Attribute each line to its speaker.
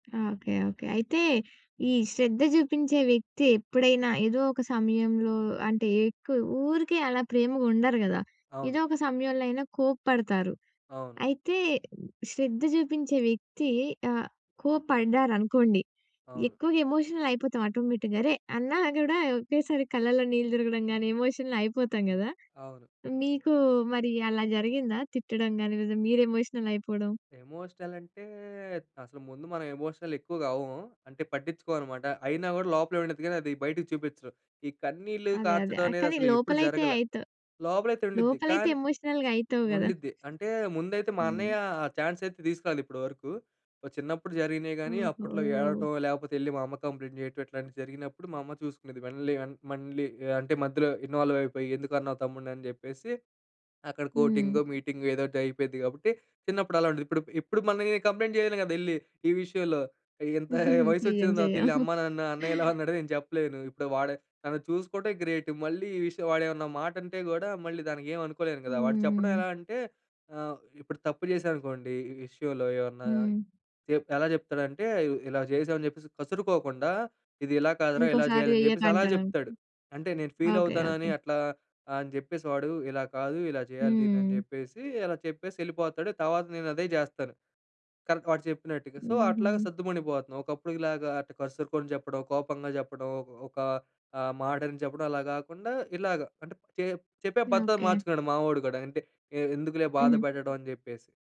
Speaker 1: Okay. Okay. అయితే ఈ శ్రద్ధ చూపించే వ్యక్తి ఎప్పుడైనా ఏదో ఒక సమయంలో అంటే ఎక్కువ ఊరికే అలా ప్రేమగా ఉండరు గదా!
Speaker 2: అవును.
Speaker 1: ఏదో ఒక సమయంలో అయినా కోప్పడతారు.
Speaker 2: అవును.
Speaker 1: అయితే శ్రద్ధ చూపించే వ్యక్తి ఆహ్, కోపడ్డారనుకోండి
Speaker 2: అవును.
Speaker 1: ఎక్కువగా ఎమోషనల్ అయిపోతాం ఆటోమేటిక్‌గా. అరే! అన్నా కూడా ఒకేసారి కళ్ళలో నీళ్ళు తిరగడం కానీ ఎమోషనల్ అయిపోతాం గదా!
Speaker 2: అవును.
Speaker 1: మీకు మరి అలా జరిగిందా తిట్టడం గాని లేదా మీరు ఎమోషనల్ అయిపోవడం?
Speaker 2: ఎమోషనల్ అంటే, అసలు ముందు మనం ఎమోషనల్ ఎక్కువగా అవ్వము. అంటే పట్టిచ్చుకోమన్నమాట. అయినా గూడా లోపలే ఉండిద్ది గానీ అది బయటికి చూపిచ్చను. ఈ కన్నీళ్లు
Speaker 1: అదే. అదే.
Speaker 2: కార్చటం
Speaker 1: ఆహ్,
Speaker 2: అనేది
Speaker 1: కానీ
Speaker 2: అసలు ఎప్పుడు
Speaker 1: లోపల అయితే
Speaker 2: జరగలా.
Speaker 1: అయిత
Speaker 2: లోపలయితే ఉండుద్ది.
Speaker 1: లోపలైతే
Speaker 2: కానీ
Speaker 1: ఎమోషనల్‌గ అయితవు గదా.
Speaker 2: ఉండిద్ది. అంటే ముందైతే మా
Speaker 1: హ్మ్.
Speaker 2: అన్నయ్య ఆ చాన్స్ అయితే తీసుకురాలేదు ఇప్పటి వరకు. ఓహ్, చిన్నప్పుడు జరిగినియి గాని అప్పట్లో
Speaker 1: ఓహో!
Speaker 2: ఏడవటం లేకపోతే యెళ్ళి మా అమ్మ కంప్లెయింట్ జేయటం. ఇట్లాంటివి జరిగినప్పుడు మా అమ్మ చూసుకునేది. మళ్ళీ అం మళ్ళీ అంటే మధ్యలో ఇన్వాల్వ్ అయిపోయి, "ఎందుకున్నావు తమ్ముడ్ని?" అని జెప్పేసి, అక్కడ కోటింగో,
Speaker 1: హ్మ్.
Speaker 2: మీటింగో ఏదో ఒకటి అయిపోయిద్ది గాబట్టి చిన్నప్పుడు అలా ఉండేది. ఇప్పుడు ఇప్పుడు మనం ఏ కంప్లెయింట్ చేయను గదా! యెళ్ళి ఈ విషయంలో. ఇగ ఇంత వయసొచ్చిన
Speaker 1: చెయ్యం.
Speaker 2: తర్వాత
Speaker 1: చెయ్యం.
Speaker 2: వెళ్లి "అమ్మా నన్ను అన్నయ్య ఇలా అన్నాడు" అని నేను చెప్పలేను. ఇప్పుడు వాడు తను చూసుకుంటే, గ్రేట్ మళ్ళీ ఈ విషయం వాడు ఏమన్నా మాటంటే గూడా మళ్ళీ దానికి ఏమనుకోలేను గదా. వాడు చెప్పడం
Speaker 1: హ్మ్.
Speaker 2: ఎలా అంటే ఆహ్, ఇప్పుడు తప్పు జేశాననుకోండి, ఈ విషయంలో ఏమన్నా
Speaker 1: హ్మ్.
Speaker 2: చె ఎలా జెప్తాడంటే, ఇలా జేశాం అని చెప్పేసి కసురుకోకుండా, "ఇది ఇలా కాదురా, ఇలా
Speaker 1: ఇంకోసారి
Speaker 2: జేయాలని"
Speaker 1: చెయ్యకు
Speaker 2: జేప్పేసి అలా
Speaker 1: అంటడా?
Speaker 2: జెప్తాడు. అంటే నేను ఫీల్
Speaker 1: ఓకె. ఓకె.
Speaker 2: అవుతానని అట్లా అని జెప్పేసి, వాడు "ఇలా కాదు, ఇలా జేయాలి దీన్ని." అని
Speaker 1: హ్మ్.
Speaker 2: జెప్పేసి అలా చెప్పేసి యెళ్ళిపోతాడు. తర్వాత నేను అదే జేస్తాను. కానీ వాడు చెప్పినట్టుగా సో అట్లాగా
Speaker 1: హుహు.
Speaker 2: సద్దుమణిగిపోతున్నాం. ఒకప్పుడుకి లాగా అటు కసురుకొని జెప్పడం కోపంగా జెప్పడం ఒక ఒక ఆహ్, మాటని చెప్పడం అలా గాకుండా ఇలాగ అంటే చె చెప్పే పద్ధతి
Speaker 1: ఓకె.
Speaker 2: మార్చుకున్నాడు మావోడు గూడా అంటే ఎ ఎందుకులే బాధ
Speaker 1: హ్మ్.
Speaker 2: పెట్టడం అని జెప్పేసి.